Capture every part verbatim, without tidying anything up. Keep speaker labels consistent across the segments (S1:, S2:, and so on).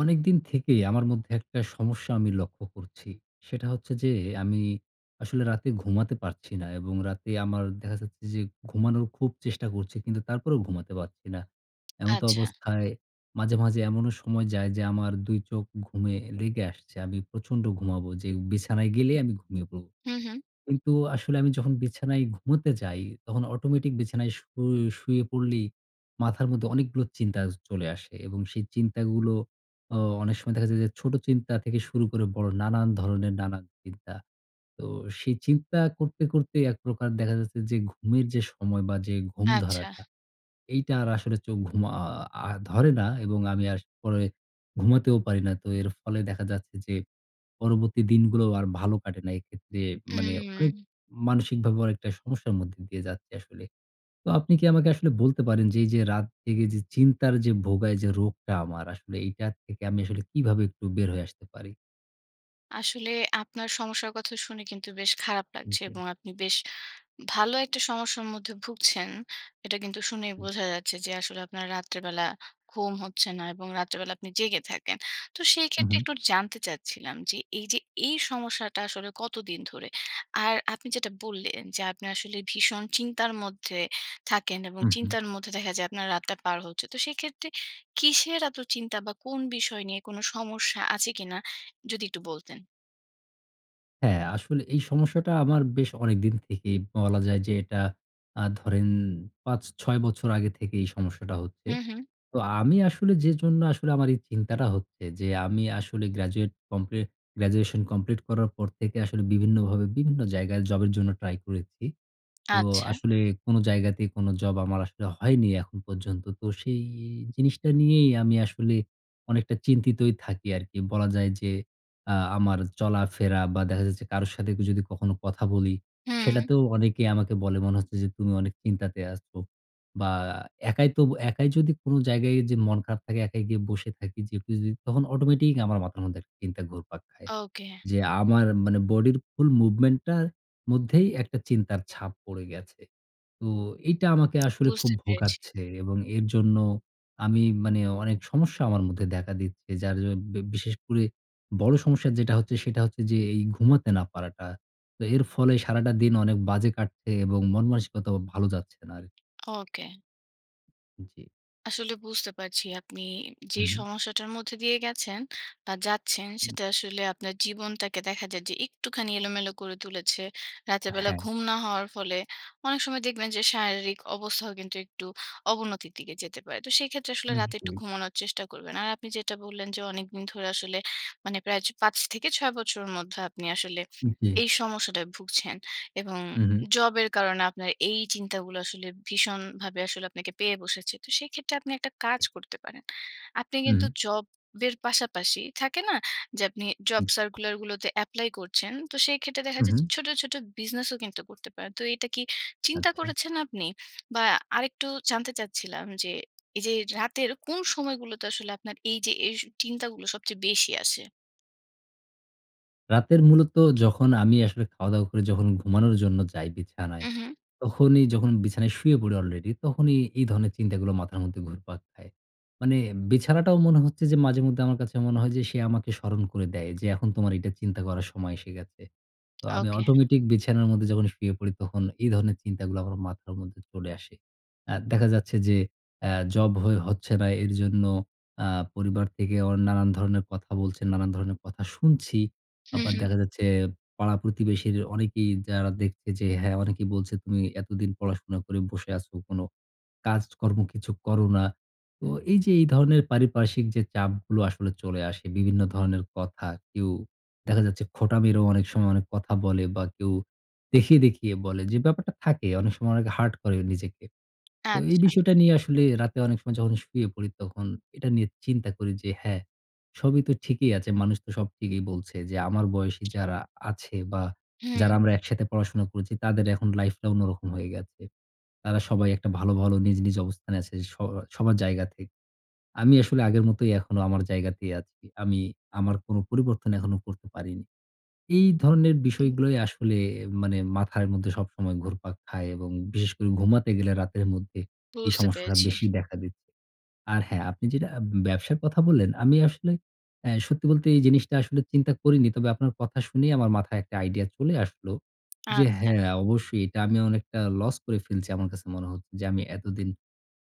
S1: অনেকদিন থেকেই আমার মধ্যে একটা সমস্যা আমি লক্ষ্য করছি, সেটা হচ্ছে যে, আমি আসলে রাতে ঘুমাতে পারছি না এবং রাতে আমার দেখা যাচ্ছে যে ঘুমানোর খুব চেষ্টা করছি। কিন্তু তারপরেও ঘুমাতে পারছি না।
S2: আচ্ছা।
S1: এমতবস্থায়, মাঝে, মাঝে এমনও সময় যায়, যে আমার দুই চোখ ঘুমে লেগে আসছে। আমি প্রচন্ড ঘুমাবো, যে বিছানায় গেলেই আমি ঘুমিয়ে পড়ব।
S2: হুম, হুম।
S1: কিন্তু আসলে আমি যখন বিছানায় ঘুমুতে যাই, তখন অটোমেটিক বিছানায় শুই শুয়ে পড়লেই, মাথার মধ্যে অনেকগুলো চিন্তা য চলে আসে। এবং সেই চিন্তাগুলো, অ অনেক সময় দেখা যায় যে ছোট চিন্তা থেকে শুরু করে বড় নানান ধরনের নানা চিন্তা। তো সেই চিন্তা করতে, করতে এক প্রকার দেখা যাচ্ছে, যে ঘুমের যে সময় বা যে ঘুম
S2: আচ্ছা।
S1: ধরাটা, এইটা আর আসলে চোখ ঘুম আ আ আ ধরে না। এবং আমি আর পরে ঘুমাতেও পারি না। তো এর ফলে দেখা যাচ্ছে, যে পরবর্তী দিনগুলোও আর ভালো কাটে না। এক্ষেত্রে মানে অনেক
S2: উম।
S1: মানসিকভাবেও একটা সমস্যার মধ্যে দিয়ে যাচ্ছি আসলে। তো, আপনি কি আমাকে আসলে বলতে পারেন, যে এইযে রাত জেগে যে চিন্তার যে ভোগায়, যে রোগটা আমার আসলে, এইটার থেকে আমি আসলে কিভাবে একটু বের হয়ে আসতে পারি?
S2: আসলে আপনার সমস্যার কথা শুনে কিন্তু বেশ খারাপ
S1: হুম
S2: লাগছে
S1: জি।
S2: এবং আপনি বেশ ভালো একটা সমস্যার মধ্যে ভুগছেন। এটা কিন্তু শুনেই
S1: উম
S2: বোঝা যাচ্ছে যে আসলে আপনার রাত্রেবেলা ঘুম হচ্ছে না এবং রাত্রেবেলা আপনি জেগে থাকেন। তো সেই
S1: হুম,
S2: ক্ষেত্রে
S1: হুম।
S2: একটু জানতে চাচ্ছিলাম যে এইযে এই সমস্যাটা আসলে কতদিন ধরে? আর আপনি যেটা বললেন যে আপনি আসলে ভীষণ চিন্তার মধ্যে থাকেন এবং
S1: হুম, হুম।
S2: চিন্তার মধ্যে দেখা যায় আপনার রাতটা পার হচ্ছে। তো সেক্ষেত্রে কিসের এতো চিন্তা বা কোন বিষয় নিয়ে, কোনো সমস্যা আছে কিনা? যদি একটু বলতেন।
S1: হ্যাঁ, আসলে এই সমস্যাটা আমার বেশ অনেকদিন থেকেই বলা যায় যে এটা আ ধরেন পাঁচ-ছয় বছর আগে থেকেই এই সমস্যাটা হচ্ছে।
S2: হুম, হুম।
S1: তো আমি আসলে যে জন্য আসলে আমার এই চিন্তাটা হচ্ছে যে আমি আসলে গ্র্যাজুয়েট কমপ্লি গ্র্যাজুয়েশন কমপ্লিট করার পর থেকে আসলে বিভিন্নভাবে বিভিন্ন জায়গায় জবের জন্য ট্রাই করেছি। তো
S2: আচ্ছা।
S1: আসলে কোনো জায়গাতেই কোনো জব আমার আসলে হয়নি এখন পর্যন্ত। তো সেই জিনিসটা নিয়েই আমি আসলে অনেকটা চিন্তিতই থাকি আরকি। বলা যায় যে আ আমার চলাফেরা বা দেখা যাচ্ছে কারো সাথে যদি কখনো কথা বলি,
S2: হুম।
S1: সেটাতেও অনেকে আমাকে বলে মনে হচ্ছে যে, "তুমি অনেক চিন্তাতে আছো।" বা একাই তো একাই যদি কোনো জায়গায় যে মন খারাপ থাকে একাই গিয়ে বসে থাকি যেপুযি তখন অটোমেটিক আমার মাথার মধ্যে একটা চিন্তা ঘুরপাক খায়।
S2: ওকে।
S1: যে আমার মানে বডির ফুল মুভমেন্ট টার মধ্যেই একটা চিন্তার ছাপ পড়ে গেছে। তো এইটা আমাকে আসলে খুব
S2: বুঝতে পেরেছি।
S1: ভোগাচ্ছে এবং এর জন্য আমি মানে অনেক সমস্যা আমার মধ্যে দেখা দিচ্ছে। যার জ ব্যা বিশেষ করে বড় সমস্যা যেটা হচ্ছে সেটা হচ্ছে যে এই ঘুমাতে না পারাটা। তো এর ফলে সারাটা দিন অনেক বাজে কাটছে এবং মনমানসিকতাও ভাল যাচ্ছে না আরকি।
S2: ওকে।
S1: জ্বি।
S2: আসলে বুঝতে পারছি আপনি যে
S1: হুম, হুম।
S2: সমস্যাটার মধ্যে দিয়ে গেছেন বা যাচ্ছেন
S1: হুম।
S2: সেটা আসলে আপনার জীবনটাকে দেখা যায় যে একটুখানি এলোমেলো করে তুলেছে। রাতের বেলা
S1: হ্যাঁ।
S2: ঘুম না হওয়ার ফলে অনেক সময় দেখবেন যে শারীরিক অবস্থাও কিন্তু একটু অবনতির দিকে যেতে পারে। তো সেক্ষেত্রে আসলে
S1: হুম
S2: রাতে
S1: জি।
S2: একটু ঘুমানোর চেষ্টা করবেন। আর আপনি যেটা বললেন যে অনেকদিন ধরে আসলে মানে প্রায় চ পাঁচ থেকে ছয় বছরের মধ্যে আপনি আসলে
S1: জ্বি।
S2: এই সমস্যাটায় ভুগছেন। এবং
S1: হুম, হুম।
S2: জবের কারণে আপনার এই চিন্তাগুলো আসলে ভীষণভাবে আসলে আপনাকে পেয়ে বসেছে। তো সেক্ষেত্রে আপনি একটা কাজ করতে পারেন। আপনি
S1: হুম,
S2: কিন্তু
S1: হুম।
S2: জব এর পাশাপাশি থাকে না? যে আপনি জব
S1: জ্বি।
S2: সার্কুলার গুলোতে এপ্লাই করছেন। তো সেই ক্ষেত্রে দেখা
S1: হু,
S2: যাচ্ছে
S1: হু।
S2: ছোট, ছোট, বিজনেসও কিন্তু করতে পারেন। তো এটা কি চিন্তা
S1: আচ্ছা।
S2: করেছেন আপনি? বা আরেকটু জানতে চাচ্ছিলাম যে এই যে রাতের কোন সময়গুলোতে আসলে আপনার এই যে এস চিন্তাগুলো সবচেয়ে বেশি আসে?
S1: রাতের মূলত যখন আমি আসলে খাওয়া-দাওয়া করে যখন ঘুমানোর জন্য যাই বিছানায়,
S2: হু, হু।
S1: তখনই যখন বিছানায় শুয়ে পড়ি অলরেডি তখনই এই ধরনের চিন্তাগুলো মাথার মধ্যে ঘুরপাক খায়। মানে বিছানাটাও মনে হচ্ছে যে মাঝে মধ্যে আমার কাছে মনে হয় যে সে আমাকে স্মরণ করে দেয়। যে ,"এখন তোমার এটা চিন্তা করার সময় এসে গেছে।" তো আমি
S2: ওকে।
S1: অটোমেটিক বিছানার মধ্যে যখন শুয়ে পড়ি তখন এই ধরনের চিন্তাগুলো আমার মাথার মধ্যে চলে আসে। আ দেখা যাচ্ছে যে আ জব হয়ে হচ্ছে না। এরজন্য আ পরিবার থেকে ও নানান ধরনের কথা বলছেন, নানান ধরনের কথা শুনছি।
S2: হুঁ,
S1: আবার
S2: হুঁ।
S1: দেখা যাচ্ছে পাড়া প্রতিবেশীর অনেকেই যারা দেখছে যে হ্যাঁ, অনেকেই বলছে, "তুমি এতদিন পড়াশোনা করে বসে আছো। কোন কাজ-কর্ম কিছু করো না।" তো এই যে এই ধরনের পারিপার্শ্বিক যে চাপগুলো আসলে চলে আসে, বিভিন্ন ধরনের কথা। কেউ দেখা যাচ্ছে খোঁটা মেরেও অনেক সময় অনেক কথা বলে বা কেউ দেখিয়ে, দেখিয়ে, বলে যে ব্যাপারটা থাকে, অনেক সময় অনেকে হার্ট করে নিজেকে। তো এই
S2: আচ্ছা।
S1: বিষয়টা নিয়ে আসলে রাতে অনেক সময় যখন শুয়ে পড়ি তখন এটা নিয়ে চিন্তা করি। যে, "হ্যাঁ, সবই তো ঠিকই আছে। মানুষ তো সব ঠিকই বলছে যে, আমার বয়সী যারা আছে বা যারা
S2: হু।
S1: আমরা একসাথে পড়াশোনা করেছি তাদের এখন লাইফটা অন্যরকম হয়ে গেছে। তারা সবাই একটা ভালো, ভালো নিজ, নিজ, অবস্থানে আছে স সবার জায়গা থেকে। আমি আসলে আগের মতই এখনো আমার জায়গাতেই আছি। আমি আমার কোন পরিবর্তন এখনও করতে পারিনি।" এই ধরনের বিষয়গুলোই আসলে মানে মাথার মধ্যে সবসময় ঘুরপাক খায় এবং বিশেষ করে ঘুমাতে গেলে রাতের মধ্যে এই
S2: বুঝতে
S1: সমস্যাটা
S2: পেরেছি।
S1: বেশি দেখা দিচ্ছে। আর হ্যাঁ! আপনি যেটা ব্যবসার কথা বললেন, আমি আসলে অ্যা সত্যি বলতে এই জিনিসটা আসলে চিন্তা করিনি। তবে আপনার কথা শুনেই আমার মাথায় একটা আইডিয়া চলে আসলো। যে
S2: আচ্ছা।
S1: হ্যাঁ, অবশ্যই এটা আমি অনেকটা লস করে ফেলছি। আমার কাছে মনে হচ্ছে। যে আমি এতদিন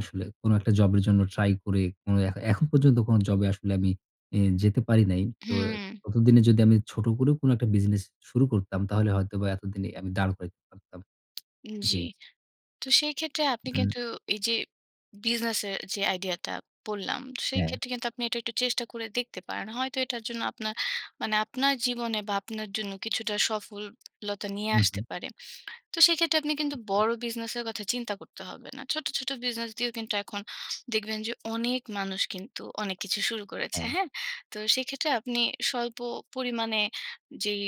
S1: আসলে কোন একটা জব এর জন্য ট্রাই করে, কোন এখ এখন পর্যন্ত কোন জব আসলে আমি ই যেতে পারি নাই। তো
S2: হুম।
S1: ততদিনে যদি আমি ছোট করেও কোন একটা বিজনেস শুরু করতাম তাহলে হয়তোবা এতদিনে আমি দাঁড় করাইতে পারতাম।
S2: জ্বি।
S1: জ্বী।
S2: তো সেই ক্ষেত্রে আপনি
S1: হুম।
S2: কিন্তু এই যে বিজনেস এর যে আইডিয়াটা বললাম, সেই
S1: হ্যাঁ।
S2: ক্ষেত্রে কিন্তু আপনি এটা একটু চেষ্টা করে দেখতে পারেন। হয়তো এটার জন্য আপনার, মানে আপনার জীবনে বা আপনার জন্য কিছুটা সফল লতা নিয়ে
S1: হু,
S2: আসতে
S1: হু।
S2: পারে। তো সেক্ষেত্রে আপনি কিন্তু
S1: উ হুম।
S2: বড় বিজনেসের কথা চিন্তা করতে হবে না। ছোট, ছোট, বিজনেস দিয়েও কিন্তু এখন দেখবেন যে অনেক মানুষ কিন্তু অনেক কিছু শুরু করেছে।
S1: হ্যাঁ।
S2: হ্যাঁ? তো সেক্ষেত্রে আপনি স্বল্প পরিমাণে যেই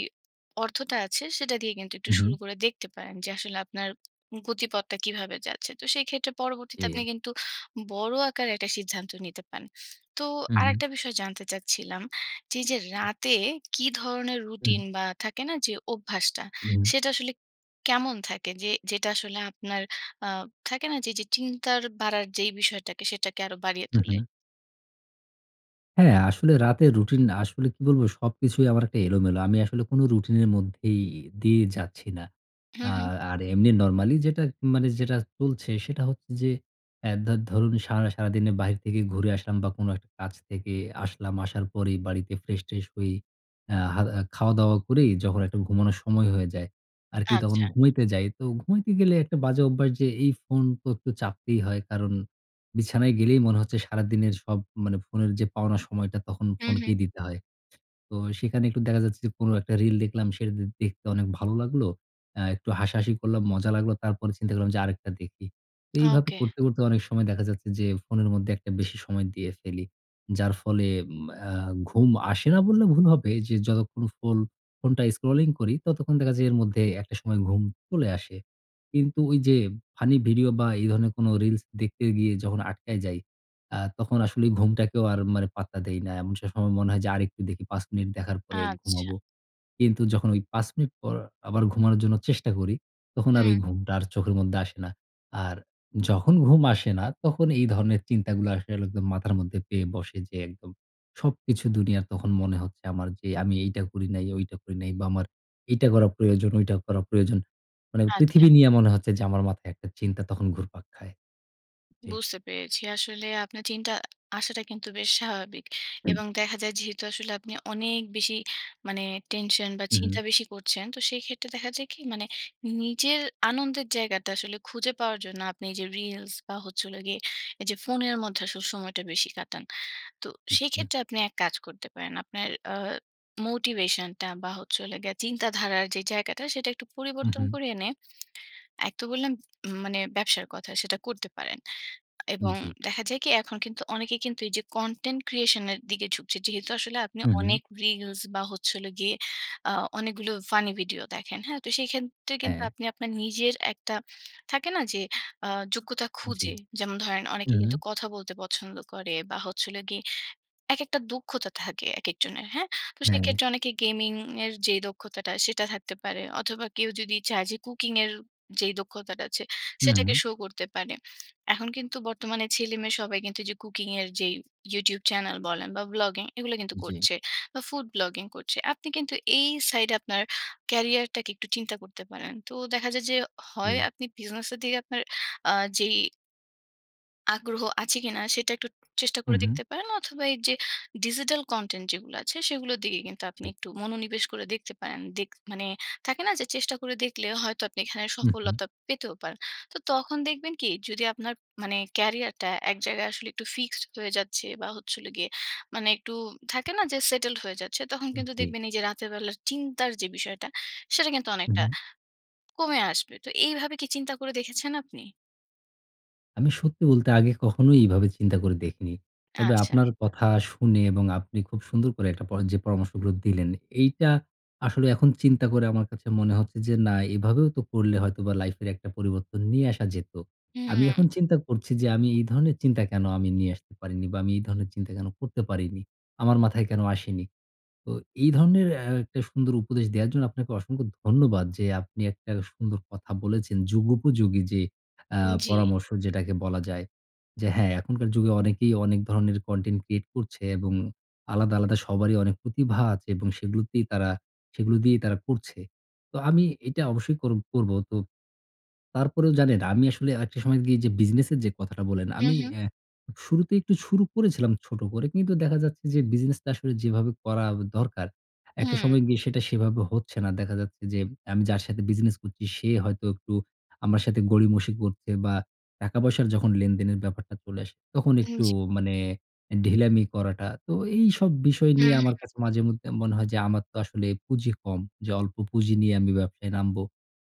S2: অর্থটা আছে সেটা দিয়ে কিন্তু একটু
S1: হু,
S2: শুরু
S1: হু।
S2: করে দেখতে পারেন। যে আসলে আপনার গতিপথটা কীভাবে যাচ্ছে। তো সেই ক্ষেত্রে পরবর্তীতে আপনি
S1: জ্বি।
S2: কিন্তু বড় আকারে একটা সিদ্ধান্ত নিতে পারেন। তো
S1: হু, হু।
S2: আরেকটা বিষয় জানতে চাচ্ছিলাম যে, যে,
S1: জ্বি।
S2: রাতে কী ধরনের
S1: হুম।
S2: রুটিন বা থাকে না যে অভ্যাসটা
S1: হুম।
S2: সেটা আসলে কেমন থাকে? যে যেটা আসলে আপনার আ থাকে না যে চিন্তা বাড়ার যেই বিষয়টাকে সেটাকে আরো বাড়িয়ে
S1: হু,
S2: তোলে?
S1: হু। হ্যাঁ, আসলে রাতের রুটিন না। আসলে কি বলবো? সবকিছুই আমার একটা এলোমেলো। আমি আসলে কোন রুটিনের মধ্যেই ই দিয়ে যাচ্ছি না।
S2: হু,
S1: আ
S2: হু।
S1: আর এমনি নরমালি যেটা উম মানে যেটা চলছে, সেটা হচ্ছে যে এ দা ধরুন সারা সারাদিনে বাহির থেকে ঘুরে আসলাম বা, কোন একটা কাজ থেকে আসলাম, আসার পরেই বাড়িতে ফ্রেশ-ট্রেশ হয়ে আ হাদা খাওয়া-দাওয়া করেই যখন একটা ঘুমানোর সময় হয়ে যায় আরকি। তখন
S2: আচ্ছা।
S1: ঘুমাইতে যাই। তো ঘুমাইতে গেলে একটা বাজে অভ্যাস যে এই ফোন তো একটু চাপতেই হয়। কারণ বিছানায় গেলেই মনে হচ্ছে সারাদিনের সব মানে ফোনের যে পাওনা সময়টা, তখন
S2: হু,
S1: ফোনকেই
S2: হু।
S1: দিতে হয়। তো সেইখানে একটু দেখা যাচ্ছে যে কোন একটা রিল দেখলাম সেটা দে দেখতে অনেক ভালো লাগলো। অ্যা একটু হাসাহাসি করলাম, মজা লাগলো। তারপরে চিন্তা করলাম যে আরেকটা দেখি। তো এইভাবে
S2: ওকে।
S1: করতে, করতে অনেক সময় দেখা যাচ্ছে যে, ফোনের মধ্যে একটা বেশি সময় দিয়ে ফেলি। যার ফলে উম অ্যা ঘুম আসে না বললে ভুল হবে। যে যতক্ষণ ফোল ফোনটা স্ক্রলিং করি, ততক্ষণ দেখা যায় এর মধ্যে একটা সময় ঘুম চলে আসে। কিন্তু ওইযে ফানি ভিডিও বা, এই ধরনের কোন রিলস দেখতে গিয়ে যখন আটকায় যাই, আ তখন আসলে ঘুমটাকেও আর মানে পাত্তা দেই না এমন সে সময় মনে হয় যে আরেকটু দেখি। পাঁচ মিনিট দেখার পরে
S2: আচ্ছা।
S1: ঘুমাবো। কিন্তু যখন ওই পাঁচ মিনিট পর আবার ঘুমানোর জন্য চেষ্টা করি, তখন আর ওই
S2: হুম।
S1: ঘুমটা আর চোখের মধ্যে আসে না। আর যখন ঘুম আসে না, তখন এই ধরনের চিন্তাগুলো আসলে একদম মাথার মধ্যে পেয়ে বসে। যে একদম সবকিছু দুনিয়ার তখন মনে হচ্ছে আমার যে, "আমি এইটা করি নাই, ওইটা করি নাই। বা, আমার এইটা করা প্রয়োজন, ওইটা করা প্রয়োজন।" মানে
S2: আচ্ছা।
S1: পৃথিবী নিয়া মনে হচ্ছে যে আমার মাথায় একটা চিন্তা তখন ঘুরপাক খায়। জি।
S2: বুঝতে পেরেছি। আসলে আপনার চিন্তা আ আসাটা কিন্তু বেশ স্বাভাবিক এবং দেখা যায় যেহেতু আসলে আপনি অনেক বেশি মানে টেনশন বা,
S1: হু, হু।
S2: চিন্তা বেশি করছেন, তো সেইক্ষেত্রে দেখা যায় কি? মানে নিজের আনন্দের জায়গাটা আসলে খুঁজে পাওয়ার জন্য আপনি যে রিলস বা, হচ্ছে হলো গিয়ে এইযে ফোনের মধ্যে আসলে সময়টা বেশি কাটান। তো
S1: জি।
S2: সেইক্ষেত্রে আপনি এক কাজ করতে পারেন। আপনার আ মোটিভেশনটা বা, হচ্ছে হলো গিয়ে চিন্তাধারার যে জায়গাটা, সেটা একটু
S1: হুম,
S2: পরিবর্তন
S1: হুম।
S2: করে এনে এক তো বললাম উম মানে ব্যবসার কথা সেটা করতে পারেন
S1: উম
S2: এবং
S1: জি।
S2: দেখা যায় কি? এখন কিন্তু অনেকে কিন্তু এইযে কনটেন্ট ক্রিয়েশন এর দিকে ঝুকছে। যেহেতু আসলে আপনি
S1: হু, হু।
S2: অনেক রিলস বা, হচ্ছে হলো গিয়ে আ অনেকগুলো ফানি ভিডিও দেখেন, হ্যাঁ? তো সেইক্ষেত্রে কিন্তু
S1: হ্যাঁ।
S2: আপনি আপনার নিজের একটা থাকে না? যে আ যোগ্যতা
S1: জি।
S2: খুঁজে যেমন ধরেন অনেকে
S1: হুম।
S2: কিন্তু কথা বলতে পছন্দ করে বা, হচ্ছে হলো গিয়ে একেকটা দক্ষতা থাকে একেকজনের, হ্যাঁ? তো
S1: হ্যা।
S2: সেইক্ষেত্রে অনেকে গেমিংয়ের যেই দক্ষতাটা, সেটা থাকতে পারে। অথবা, কেউ যদি চায় যে কুকিংয়ের যেই দক্ষতাটা আছে, সেটাকে
S1: হুম।
S2: শো করতে পারে। এখন কিন্তু বর্তমানে ছেলেমেয়ে সবাই কিন্তু ওইযে কুকিংয়ের যেই YouTube চ্যানেল বলেন বা, ভ্লগিং এগুলো কিন্তু
S1: জি।
S2: করছে। বা, ফুড ব্লগিং করছে। আপনি কিন্তু এই সাইডে আপনার ক্যারিয়ারটাকে একটু চিন্তা করতে পারেন। তো দেখা যায় যে, হয়
S1: হুম।
S2: আপনি বিজনেসের দিকে আপনার আ যেই আগ্রহ আছে কিনা? সেটা একটু চেষ্টা করে
S1: হুম, হুম।
S2: দেখতে পারেন। অথবা এইযে ডিজিটাল কনটেন্ট যেগুলো আছে, সেগুলোর দিকে কিন্তু আপনি
S1: জি।
S2: একটু মনোনিবেশ করে দেখতে পারেন। দেক মানে থাকে না? যে চেষ্টা করে দেখলে হয়তো, আপনি এখানে
S1: হুম, হুম।
S2: সফলতা পেতেও পারেন। তো তখন দেখবেন কি? যদি আপনার মানে ক্য়ারিয়ারটা এক জায়গায় আসলে একটু ফিক্সড হয়ে যাচ্ছে বা হচ্ছে হলো গিয়ে, মানে একটু থাকে না? যে সেটেলড হয়ে যাচ্ছে। তখন
S1: হুম,
S2: কিন্তু
S1: জি।
S2: দেখবেন, এইযে রাতের বেলার চিন্তার যে বিষয়টা, সেটা কিন্তু অনেকটা
S1: উহুম।
S2: কমে আসবে। তো এইভাবে কি চিন্তা করে দেখেছেন আপনি?
S1: আমি সত্যি বলতে আগে কখনোই এভাবে চিন্তা করে দেখিনি। তবে
S2: আচ্ছা।
S1: আপনার কথা শুনে এবং আপনি খুব সুন্দর করে একটা পর যে পরামর্শগুলো দিলেন, এইটা আসলে এখন চিন্তা করে আমার কাছে মনে হচ্ছে যে, "না, এভাবেও তো করলে হয়তোবা লাইফের একটা পরিবর্তন নিয়ে আসা যেতো।" আমি এখন
S2: হুম।
S1: চিন্তা করছি, যে আমি এই ধরনের চিন্তা কেনো আমি নিয়ে আসতে পারিনি? বা আমি এই ধরনের চিন্তা কেনো করতে পারিনি? আমার মাথায় কেনো আসেনি? তো এই ধরনের অ্যা একটা সুন্দর উপদেশ দেওয়ার জন্য আপনাকে অসংখ্য ধন্যবাদ, যে আপনি একটা সুন্দর কথা বলেছেন। যুগোপযোগী যে আ
S2: জি।
S1: পরামর্শ, যেটাকে বলা যায়। যে হ্যাঁ, এখনকার যুগে অনেকেই অনেক ধরনের কনটেন্ট ক্রিয়েট করছে এবং আলাদা, আলাদা সবারই অনেক প্রতিভা আছে এবং সেগুলোতেই তারা সেগুলো দিয়েই তারা করছে। তো আমি এইটা অবশ্যই কর করব। তো তারপরেও জানেন, আমি আসলে আরকটা সময় গিয়ে যে বিজনেসের যে কথাটা বলেন,
S2: হুম,
S1: আমি
S2: হুম।
S1: অ্যা শুরুতেই একটু শুরু করেছিলাম ছোট করে। কিন্তু দেখা যাচ্ছে, যে বিজনেসটা আসলে যেভাবে করা দরকার, একটা
S2: হুম।
S1: সময় গিয়ে সেটা সেভাবে হচ্ছে না। দেখা যাচ্ছে, যে আমি যার সাথে বিজনেস করছি, সে হয়তো একটু আমার সাথে গড়িমসি করছে বা টাকা-পয়সার যখন লেনদেনের ব্যাপারটা চলে আসে, তখন
S2: উ
S1: একটু
S2: জি।
S1: মানে অ্যা ঢিলামি করাটা। তো, এইসব বিষয়
S2: হুম,
S1: নিয়ে আমার
S2: হুম।
S1: কাছে মাঝেমধ্যে মনে হয়, যে আমার তো আসলে পুঁজি কম। যে অল্প পুঁজি নিয়ে আমি ব্যবসায় নামবো।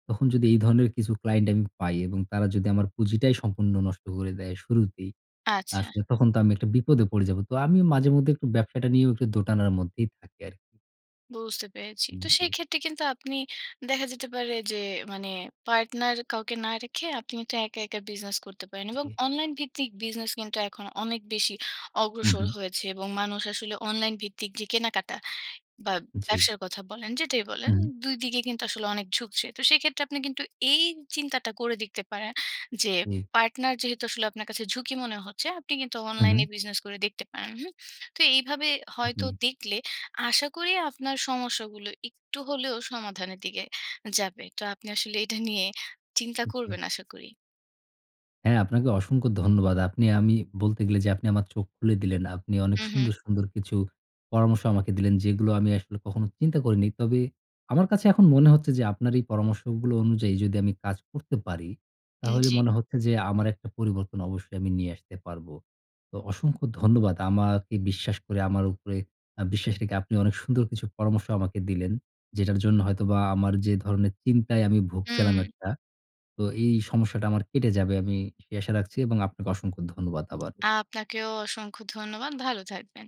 S1: তখন যদি এই ধরনের কিছু ক্লায়েন্ট আমি পাই এবং তারা যদি আমার পুঁজিটাই সম্পূর্ণ নষ্ট করে দেয়, শুরুতেই।
S2: আচ্ছা।
S1: আসলে তখন তো আমি একটা বিপদে পড়ে যাব। তো আমিও মাঝে মধ্যে একটু ব্যবসাটা নিয়েও একটু দোটানার মধ্যেই থাকি আরকি।
S2: বুঝতে পেরেছি।
S1: উ
S2: তো
S1: জি।
S2: সেইক্ষেত্রে কিন্তু আপনি দেখা যেতে পারে যে, মানে পার্টনার কাউকে না রেখে আপনি কিন্তু একা, একা বিজনেস করতে পারেন এবং
S1: জি।
S2: অনলাইন ভিত্তিক বিজনেস কিন্তু এখন অনেক বেশি
S1: হু,
S2: অগ্রসর
S1: হু।
S2: হয়েছে। এবং মানুষ আসলে অনলাইন ভিত্তিক যে কেনাকাটা বা,
S1: জি।
S2: ব্যবসার কথা বলেন, যেটাই বলেন
S1: হুম।
S2: দুই দিগে কিন্তু আসলে অনেক ঝুঁকছে। তো সেক্ষেত্রে আপনি কিন্তু এই চিন্তাটা করে দেখতে পারেন যে
S1: জি।
S2: পার্টনার যেহেতু আসলে আপনার কাছে ঝুঁকি মনে হচ্ছে, আপনি কিন্তু
S1: হু, হু।
S2: অনলাইনে বিজনেস করে দেখতে পারেন। হুম? তো এইভাবে হয়তো
S1: জি।
S2: দেখলে আশা করি আপনার সমস্যাগুলো একটু হলেও সমাধানের দিকে যাবে। তো আপনি আসলে এটা নিয়ে চিন্তা
S1: জি।
S2: করবেন, আশা করি।
S1: হ্যাঁ, আপনাকে অসংখ্য ধন্যবাদ। আপনি আমি বলতে গেলে যে আপনি আমার চোখ খুলে দিলেন। আপনি অনেক
S2: হু,
S1: সুন্দর,
S2: হু।
S1: সুন্দর কিছু পরামর্শ আমাকে দিলেন, যেগুলো আমি আসলে কখনো চিন্তা করিনি। তবে আমার কাছে এখন মনে হচ্ছে যে, আপনার এই পরামর্শগুলো অনুযায়ী যদি আমি কাজ করতে পারি,
S2: উম
S1: তাহলে
S2: জি।
S1: মনে হচ্ছে যে আমার একটা পরিবর্তন অবশ্যই আমি নিয়ে আসতে পারবো। তো অসংখ্য ধন্যবাদ আমাকে বিশ্বাস করে আমার উপরে আ বিশ্বাস রেখে আপনি অনেক সুন্দর কিছু পরামর্শ আমাকে দিলেন। যেটার জন্য হয়তোবা আমার যে ধরনের চিন্তায় আমি ভুগছিলাম
S2: হুম।
S1: একটা, তো এই সমস্যাটা আমার কেটে যাবে। আমি সেই আশা রাখছি এবং আপনাকে অসংখ্য ধন্যবাদ আবার।
S2: আ আপনাকেও অসংখ্য ধন্যবাদ। ভালো থাকবেন।